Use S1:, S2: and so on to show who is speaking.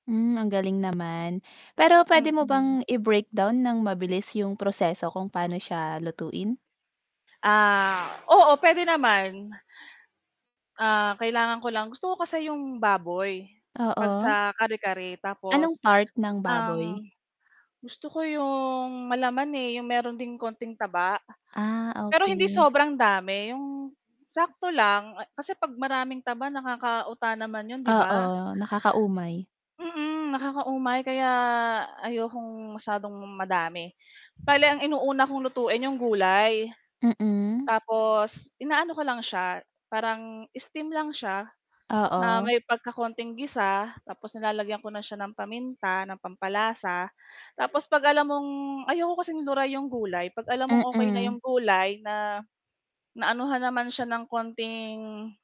S1: Hmm, ang galing naman, pero pwede mo
S2: Mm.
S1: bang i-breakdown nang mabilis yung proseso kung paano siya lutuin?
S2: Ah, oo pwede naman. Ah, kailangan ko lang gusto ko kasi 'yong baboy, 'pag
S1: Oo?
S2: sa kare-kare.
S1: Anong
S2: Tapos,
S1: part ng baboy?
S2: ang gusto ko 'yong malaman, eh, 'yong meron ding konting taba.
S1: Ah,
S2: Pero hindi
S1: okey.
S2: sobrang dami, 'yong sakto lang, kasi 'pag maraming taba nakakauta naman 'yon, 'di ba?
S1: Oo, nakakaumay.
S2: Mm, nakakaumay kaya ayokong masyadong madami, bale ang inuuna kong lutuin 'yong gulay.
S1: Mhm.
S2: Tapos, inaano ko lang siya, parang steam lang siya, na
S1: Oo.
S2: may pagkakonting gisa tapos nilalagyan ko na siya ng paminta, ng pampalasa tapos 'pag alam mong ayaw ko kasing luray 'yong gulay, 'pag alam mong okay na
S1: Mm.
S2: 'yong gulay na, naanuhan naman siya ng konting